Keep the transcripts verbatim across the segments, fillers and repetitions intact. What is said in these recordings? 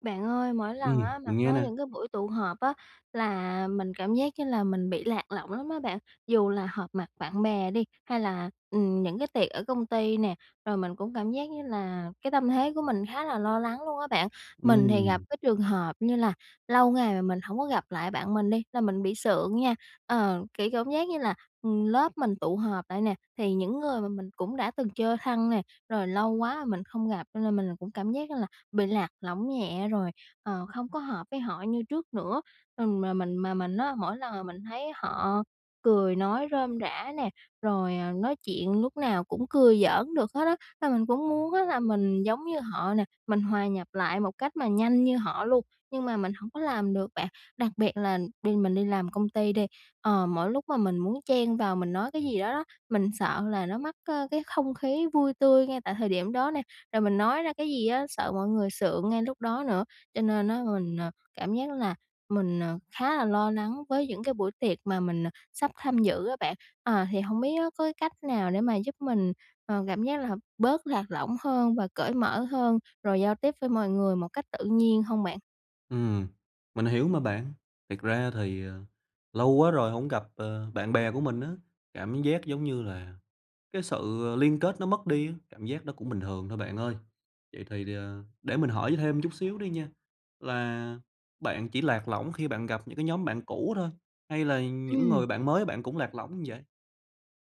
Bạn ơi, mỗi Ừm, lần á mà mình nghe có nè. những cái buổi tụ họp á là mình cảm giác như là mình bị lạc lõng lắm á bạn, dù là họp mặt bạn bè đi hay là, ừm, những cái tiệc ở công ty nè, rồi mình cũng cảm giác như là cái tâm thế của mình khá là lo lắng luôn á bạn. Mình thì gặp Ừm. cái trường hợp như là lâu ngày mà mình hổng có gặp lại bạn mình đi là mình bị sượng nha, ờ, kiểu cảm giác như là, ừm, lớp mình tụ họp lại nè, thì những người mà mình cũng đã từng chơi thân nè, rồi lâu quá mình không gặp cho nên mình cũng cảm giác là bị lạc lõng nhẹ rồi, ờ, không có hợp với họ như trước nữa. Ừm, mà mình mà mình á mỗi lần mà mình thấy họ cười nói rôm rả nè, rồi, à, nói chuyện lúc nào cũng cười giỡn được hết á, là mình cũng muốn á là mình giống như họ nè, mình hòa nhập lại một cách mà nhanh như họ luôn, nhưng mà mình hổng có làm được bạn. Đặc biệt là bên mình đi làm công ty đi, ờ, mỗi lúc mà mình muốn chen vào mình nói cái gì đó đó, mình sợ là nó mất, ơ, cái không khí vui tươi ngay tại thời điểm đó nè. Rồi mình nói ra cái gì á, sợ mọi người sượng ngay lúc đó nữa, cho nên á mình, ờ, cảm giác là mình, ờ, khá là lo lắng với những cái buổi tiệc mà mình, à, sắp tham dự á bạn. À, thì hông biết nó có cách nào để mà giúp mình, ờ, cảm giác là hợp bớt lạc lõng hơn và cởi mở hơn, rồi giao tiếp với mọi người một cách tự nhiên hông bạn? Ừm, mình hiểu mà bạn. Thiệt ra thì, ờ, lâu quá rồi hổng gặp, ờ, bạn bè của mình á, cảm giác, giống như là, cái sự liên kết nó mất đi á, cảm giác nó cũng bình thường thôi bạn ơi. Vậy thì, ờ, để mình hỏi thêm chút xíu đi nha, là bạn chỉ lạc lõng khi bạn gặp những cái nhóm bạn cũ thôi hay là những Ừm. người bạn mới bạn cũng lạc lõng vậy?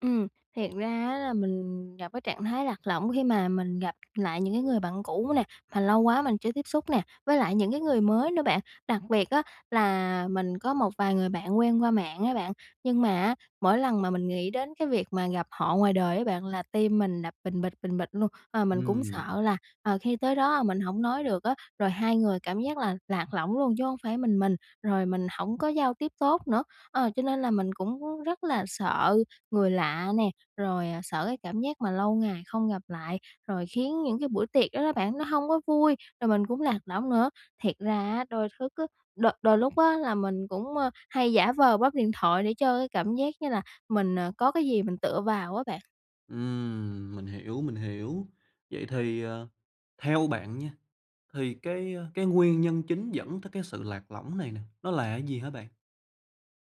Ừm, thiệt ra á là mình gặp cái trạng thái lạc lõng khi mà mình gặp lại những cái người bạn cũ nè, mà lâu quá mình chưa tiếp xúc nè, với lại những cái người mới nữa, bạn. Đặc biệt á, là mình có một vài người bạn quen qua mạng á bạn, nhưng mà á, mỗi lần mà mình nghĩ đến cái việc mà gặp họ ngoài đời á bạn, là tim mình đập bình bịch, bình bịch luôn. Ờ, mình cũng Ừm. sợ là, ờ, khi tới đó mình hổng nói được á, rồi hai người cảm giác là lạc lõng luôn chứ hông phải mình mình, rồi mình hổng có giao tiếp tốt nữa. Ờ, cho nên là mình cũng rất là sợ người lạ nè, rồi, à, sợ cái cảm giác mà lâu ngày không gặp lại, rồi khiến những cái buổi tiệc đó đó bạn, nó hông có vui, rồi mình cũng lạc lõng nữa. Thiệt ra á, đôi thức á đôi đôi lúc á, là mình cũng, ờ, hay giả vờ bấm điện thoại để cho cái cảm giác như là mình, ờ, có cái gì mình tựa vào á bạn. Ừm, mình hiểu, mình hiểu. Vậy thì, ờ, theo bạn nha, thì cái cái nguyên nhân chính dẫn tới cái sự lạc lõng này nè, nó là gì hả bạn?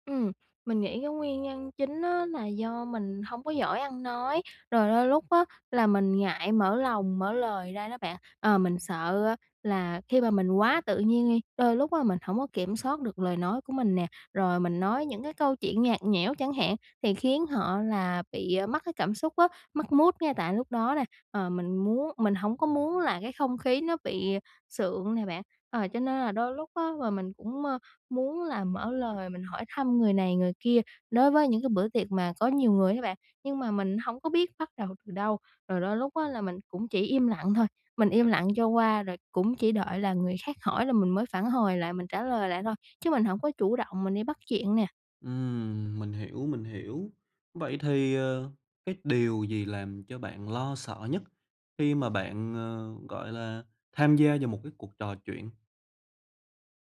Ừm, mình nghĩ cái nguyên nhân chính á, là do mình hông có giỏi ăn nói, rồi đôi lúc á, là mình ngại mở lòng, mở lời ra đó bạn. Ờ, mình sợ á, là khi mà mình quá tự nhiên đi, đôi lúc á, mình hổng có kiểm soát được lời nói của mình nè. Rồi mình nói những cái câu chuyện nhạt nhẽo chẳng hạn, thì khiến họ là bị mất cái cảm xúc á, mất mood ngay tại lúc đó nè, ờ, mình muốn mình hổng có muốn là cái không khí nó bị sượng nè bạn. Ờ, cho nên là đôi lúc á, là mình cũng, ơ, muốn là mở lời mình hỏi thăm người này người kia đối với những cái bữa tiệc mà có nhiều người á bạn. Nhưng mà mình hổng có biết bắt đầu từ đâu, rồi đôi lúc á, là mình cũng chỉ im lặng thôi. Mình im lặng cho qua rồi cũng chỉ đợi là người khác hỏi là mình mới phản hồi lại, mình trả lời lại thôi, chứ mình hổng có chủ động mình đi bắt chuyện nè. Ừm, mình hiểu, mình hiểu. Vậy thì, ờ, cái điều gì làm cho bạn lo sợ nhất khi mà bạn, ờ, gọi là, tham gia vào một cái cuộc trò chuyện?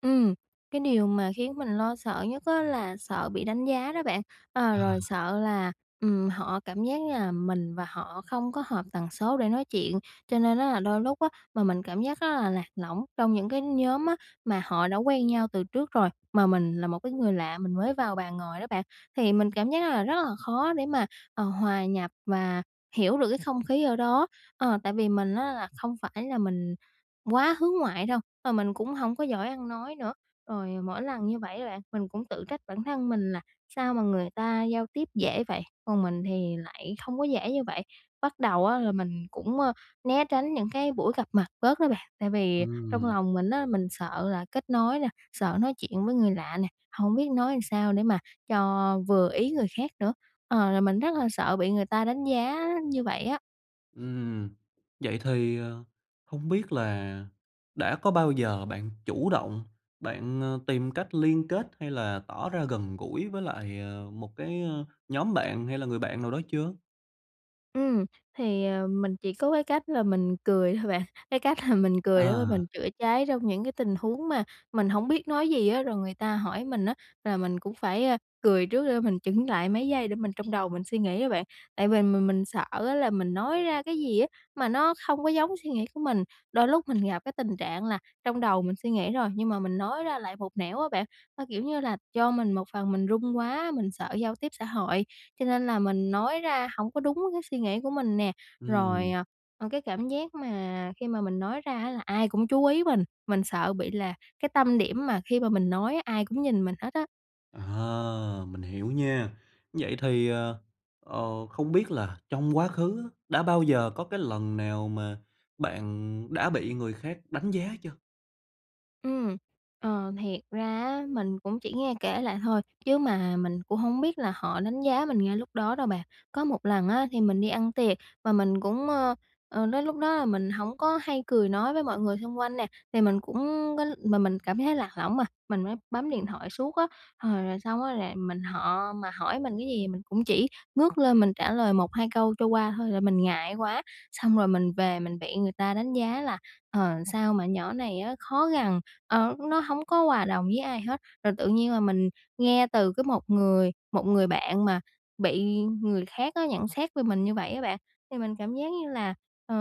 Ừm, cái điều mà khiến mình lo sợ nhất á là sợ bị đánh giá đó bạn. A, rồi À. sợ là, ừm, họ cảm giác là mình và họ không có hợp tần số để nói chuyện, cho nên á là đôi lúc á mà mình cảm giác rất là lạc lõng trong những cái nhóm á mà họ đã quen nhau từ trước rồi. Mà mình là một cái người lạ mình mới vào bàn ngồi đó bạn, thì mình cảm giác rất là rất là khó để mà, ờ, hòa nhập và hiểu được cái không khí ở đó. Ờ, tại vì mình á là không phải là mình quá hướng ngoại đâu, ờ, mình cũng hổng có giỏi ăn nói nữa, rồi mỗi lần như vậy á bạn, mình cũng tự trách bản thân mình là sao mà người ta giao tiếp dễ vậy, còn mình thì lại không có dễ như vậy. Bắt đầu á là mình cũng, ơ, né tránh những cái buổi gặp mặt bớt đó bạn, tại vì trong Ừm. lòng mình á mình sợ là kết nối nè, sợ nói chuyện với người lạ nè, hổng biết nói sao để mà cho vừa ý người khác nữa, ờ, là mình rất là sợ bị người ta đánh giá như vậy á. Ừm. Vậy thì, ờ, hông biết là đã có bao giờ bạn chủ động bạn, ơ, tìm cách liên kết hay là tỏ ra gần gũi với lại, ờ, một cái, a, nhóm bạn hay là người bạn nào đó chưa? Ừm, thì, ờ, mình chỉ có cái cách là mình cười thôi bạn. Cái cách là mình cười để mà À! mình chữa cháy trong những cái tình huống mà mình hổng biết nói gì á. Rồi người ta hỏi mình á, là mình cũng phải cười trước để mình chững lại mấy giây để mình trong đầu mình suy nghĩ đó bạn. Tại vì mình mình sợ á, là mình nói ra cái gì á, mà nó không có giống suy nghĩ của mình, đôi lúc mình gặp cái tình trạng là trong đầu mình suy nghĩ rồi, nhưng mà mình nói ra lại một nẻo á bạn. Ơ, kiểu như là do mình một phần mình run quá, mình sợ giao tiếp xã hội, cho nên là mình nói ra hổng có đúng cái suy nghĩ của mình nè. Rồi, Ừm. à, ờ, cái cảm giác mà khi mà mình nói ra á, là ai cũng chú ý mình, mình sợ bị là cái tâm điểm mà khi mà mình nói ai cũng nhìn mình hết á. À, mình hiểu nha. Vậy thì, ờ, ờ, không biết là trong quá khứ á, đã bao giờ có cái lần nào mà bạn đã bị người khác đánh giá chưa? Ừm, ờ, thiệt ra á, mình cũng chỉ nghe kể lại thôi, chứ mà mình cũng hông biết là họ đánh giá mình ngay lúc đó đâu bạn. Có một lần á, thì mình đi ăn tiệc và mình cũng, ơ, ờ, đến lúc đó là mình hổng có hay cười nói với mọi người xung quanh nè, thì mình cũng có mà mình cảm thấy lạc lõng mà, mình mới bấm điện thoại suốt á. Hồi rồi xong á, là mình họ mà hỏi mình cái gì mình cũng chỉ ngước lên mình trả lời một hai câu cho qua thôi, là mình ngại quá. Xong rồi mình về mình bị người ta đánh giá là "Ờ, sao mà nhỏ này á khó gần, ờ, nó hổng có hòa đồng với ai hết." Rồi tự nhiên là mình nghe từ cái một người một người bạn mà bị người khác á, nhận xét về mình như vậy á bạn. Thì mình cảm giác như là, ờ,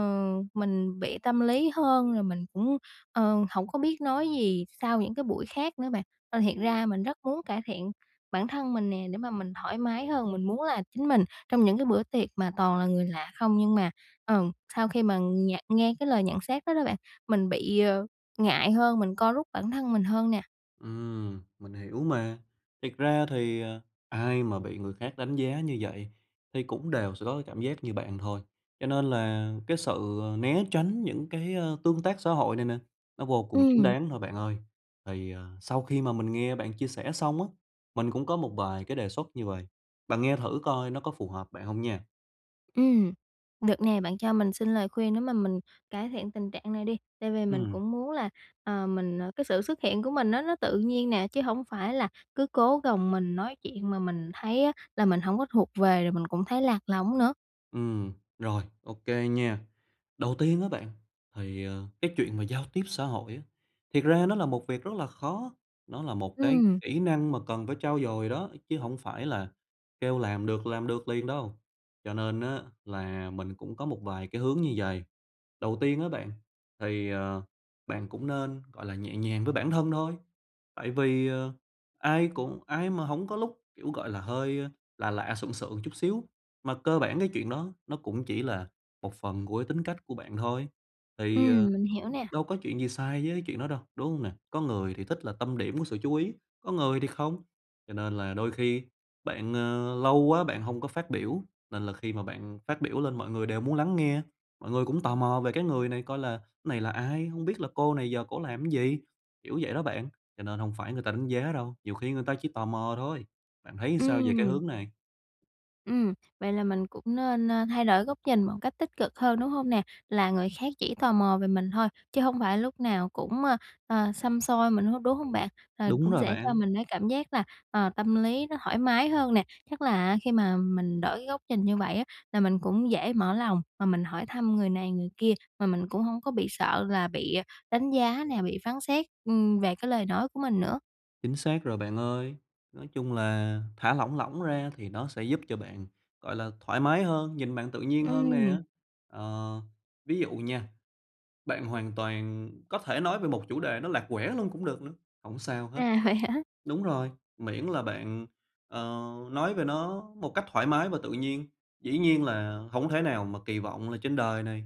mình bị tâm lý hơn, rồi mình cũng, ờ, hổng có biết nói gì sau những cái buổi khác nữa bạn. Ơ, thiệt Ừm. ra mình rất muốn cải thiện bản thân mình nè, để mà mình thoải mái hơn, mình muốn là chính mình trong những cái bữa tiệc mà toàn là người lạ không. Nhưng mà, ừ, sau khi mà nhận nghe cái lời nhận xét đó đó bạn, mình bị, ờ, ngại hơn, mình co rút bản thân mình hơn nè. Ừm, mình hiểu mà. Thiệt ra thì, ờ, ai mà bị người khác đánh giá như vậy thì cũng đều sẽ có cái cảm giác như bạn thôi. Cho nên là cái sự, ờ, né tránh những cái, ờ, tương tác xã hội này nè, nó vô cùng chính Ừm. đáng thôi, bạn ơi. Thì, ờ, sau khi mà mình nghe bạn chia sẻ xong á, mình cũng có một vài cái đề xuất như vầy, bạn nghe thử coi nó có phù hợp bạn hông nha. Ừm, được nè. Bạn cho mình xin lời khuyên để mà mình cải thiện tình trạng này đi. Tại vì mình Ừm. cũng muốn là, ờ, mình, ờ cái sự xuất hiện của mình á, nó tự nhiên nè, chứ hổng phải là cứ cố gồng mình nói chuyện mà mình thấy á, là mình hổng có thuộc về rồi mình cũng thấy lạc lõng nữa. Ừm, rồi OK nha. Đầu tiên á bạn, thì, ờ, cái chuyện mà giao tiếp xã hội á, thiệt ra nó là một việc rất là khó, nó là một cái Ừm. kỹ năng mà cần phải trau dồi đó, chứ hổng phải là kêu làm được làm được liền đâu. Cho nên á là mình cũng có một vài cái hướng như vầy. Đầu tiên á bạn, thì, ờ, bạn cũng nên, gọi là, nhẹ nhàng với bản thân thôi. Tại vì, ờ, ai cũng ai mà hổng có lúc, kiểu, gọi là, hơi lạ lạ, sượng sượng chút xíu, mà cơ bản cái chuyện đó nó cũng chỉ là một phần của tính cách của bạn thôi. Thì, Ừm, ờ, mình hiểu nè. đâu có chuyện gì sai với chuyện đó đâu, đúng hông nè? Có người thì thích là tâm điểm của sự chú ý, có người thì không, cho nên là đôi khi bạn, ờ, lâu quá bạn hông có phát biểu, nên là khi mà bạn phát biểu lên mọi người đều muốn lắng nghe, mọi người cũng tò mò về cái người này coi là "Này là ai? Hông biết là cô này giờ cổ làm cái gì?" Kiểu vậy đó bạn. Cho nên hổng phải người ta đánh giá đâu, nhiều khi người ta chỉ tò mò thôi. Bạn thấy sao về cái Ừm. hướng này? Ừm, vậy là mình cũng nên, a, thay đổi góc nhìn một cách tích cực hơn, đúng hông nè? Là người khác chỉ tò mò về mình thôi, chứ hông phải lúc nào cũng, ơ, ờ, xăm soi mình hết, đúng hông bạn? Ờ, Đúng cũng rồi sẽ cho bạn. mình cái cảm giác là, ờ, tâm lý nó thoải mái hơn nè, chắc là á khi mà mình đổi góc nhìn như vậy á là mình cũng dễ mở lòng mà mình hỏi thăm người này người kia, mà mình cũng hông có bị sợ là bị đánh giá nè, bị phán xét, ừm, về cái lời nói của mình nữa. Chính xác rồi bạn ơi. Nói chung là thả lỏng lỏng ra thì nó sẽ giúp cho bạn, gọi là, thoải mái hơn, nhìn bạn tự nhiên hơn nè. Ừm. Ờ, ví dụ nha, bạn hoàn toàn có thể nói về một chủ đề nó lạc quẻ luôn cũng được nữa, hổng sao hết. À, vậy hả? Đúng rồi, miễn là bạn, ờ, nói về nó một cách thoải mái và tự nhiên, dĩ nhiên là hổng thể nào mà kỳ vọng là trên đời này,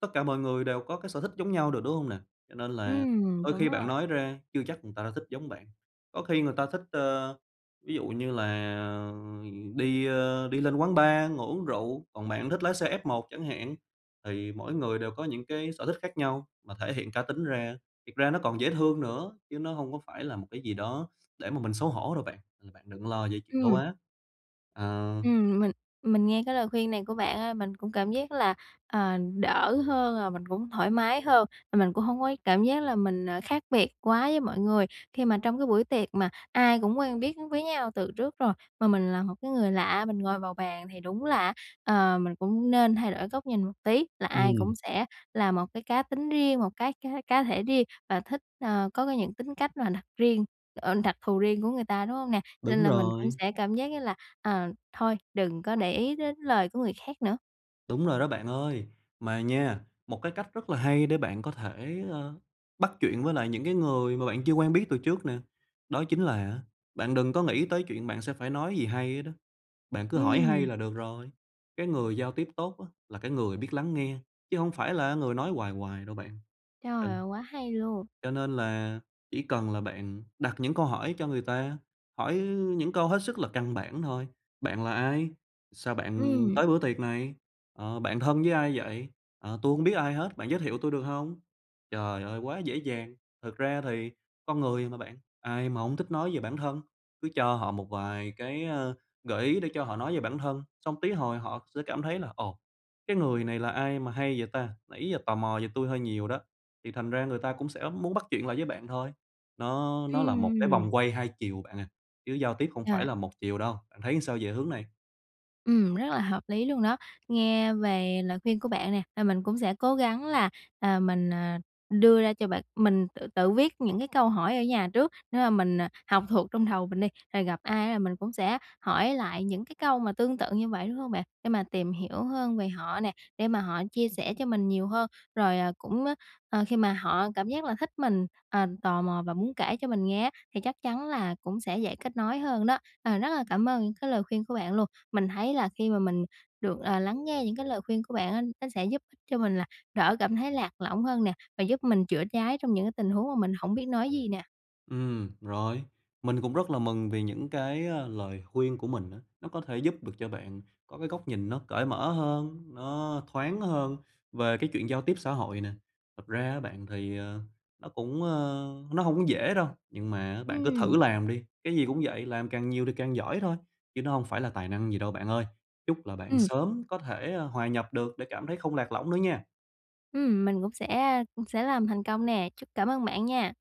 tất cả mọi người đều có cái sở thích giống nhau được, đúng hông nè? Cho nên là Ừm, đôi đúng khi bạn rồi. nói ra chưa chắc người ta đã thích giống bạn, có khi người ta thích, ơ, ví dụ như là đi, ơ, đi lên quán bar ngồi uống rượu, còn bạn thích lái xe F1 một chẳng hạn. Thì mỗi người đều có những cái sở thích khác nhau mà thể hiện cá tính ra, thiệt ra nó còn dễ thương nữa, chứ nó hông có phải là một cái gì đó để mà mình xấu hổ đâu bạn. Ừ, bạn đừng lo về chuyện đó Ừm. quá. À. Ừm, mình mình nghe cái lời khuyên này của bạn á, mình cũng cảm giác là, ờ, đỡ hơn rồi mình cũng thoải mái hơn. Mình cũng hông có cảm giác là mình ờ khác biệt quá với mọi người. Khi mà trong cái buổi tiệc mà ai cũng quen biết với nhau từ trước rồi mà mình là một cái người lạ, mình ngồi vào bàn thì đúng là, ờ, mình cũng nên thay đổi góc nhìn một tí. Là ai Ừm. cũng sẽ là một cái cá tính riêng, một cái cá cá thể riêng và thích, ờ có cái những tính cách mà đặt riêng ờ, đặc thù riêng của người ta, đúng hông nè? Đúng Nên là mình cũng rồi. sẽ cảm giác như là, à, thôi đừng có để ý đến lời của người khác nữa. Đúng rồi đó bạn ơi! Mà nha, một cái cách rất là hay để bạn có thể, ờ, bắt chuyện với lại những cái người mà bạn chưa quen biết từ trước nè. Đó chính là á, bạn đừng có nghĩ tới chuyện bạn sẽ phải nói gì hay hết đó, bạn cứ hỏi hay Ừm. là được rồi, cái người giao tiếp tốt á, là cái người biết lắng nghe, chứ hổng phải là người nói hoài hoài đâu, bạn. Trời Ừm. ơi! Quá hay luôn! Cho nên là chỉ cần là bạn đặt những câu hỏi cho người ta, hỏi những câu hết sức là căn bản thôi: "Bạn là ai? Sao bạn Ừm. tới bữa tiệc này? Ờ, bạn thân với ai vậy? Ờ, tôi hổng biết ai hết, bạn giới thiệu tôi được hông?" Trời ơi! Quá dễ dàng! Thực ra thì con người mà, bạn, ai mà hông thích nói về bản thân. Cứ cho họ một vài cái, ờ, gợi ý để cho họ nói về bản thân, xong tí hồi họ sẽ cảm thấy là "Ồ, cái người này là ai mà hay vậy ta? Nãy giờ tò mò về tui hơi nhiều đó." Thì thành ra người ta cũng sẽ muốn bắt chuyện lại với bạn thôi. Nó nó là một cái vòng Ừm. quay hai chiều, bạn à, chứ giao tiếp không phải Rồi. là một chiều đâu. Bạn thấy sao về hướng này? Ừm, rất là hợp lý luôn đó. Nghe về lời khuyên của bạn nè, ờ, mình cũng sẽ cố gắng là, à, mình, à, đưa ra cho bạn mình tự tự viết những cái câu hỏi ở nhà trước, để mà mình, à, học thuộc trong đầu mình đi, rồi gặp ai là mình cũng sẽ hỏi lại những cái câu mà tương tự như vậy, đúng hông bạn? Để mà tìm hiểu hơn về họ nè, để mà họ chia sẻ cho mình nhiều hơn, rồi, à, cũng, ờ, ờ, khi mà họ cảm giác là thích mình, à, tò mò và muốn kể cho mình nghe á, thì chắc chắn là cũng sẽ dễ kết nối hơn đó. Ờ, rất là cảm ơn những cái lời khuyên của bạn luôn. Mình thấy là khi mà mình được, ờ, lắng nghe những cái lời khuyên của bạn á, nó sẽ giúp cho mình là đỡ cảm thấy lạc lõng hơn nè, và giúp mình chữa cháy trong những cái tình huống mà mình hổng biết nói gì nè. Ừm, rồi. Mình cũng rất là mừng vì những cái, à, lời khuyên của mình á, nó có thể giúp được cho bạn có cái góc nhìn nó cởi mở hơn, nó thoáng hơn về cái chuyện giao tiếp xã hội nè. Thật ra á bạn, thì, ờ, nó cũng, ơ nó hông có dễ đâu. Nhưng mà bạn cứ Ừm. thử làm đi, cái gì cũng vậy, làm càng nhiều thì càng giỏi thôi, chứ nó không phải là tài năng gì đâu bạn ơi. Chúc là bạn Ừm. sớm có thể, ơ, hòa nhập được để cảm thấy không lạc lõng nữa nha. Ừm, mình cũng sẽ, a, sẽ làm thành công nè. Chúc cảm ơn bạn nha.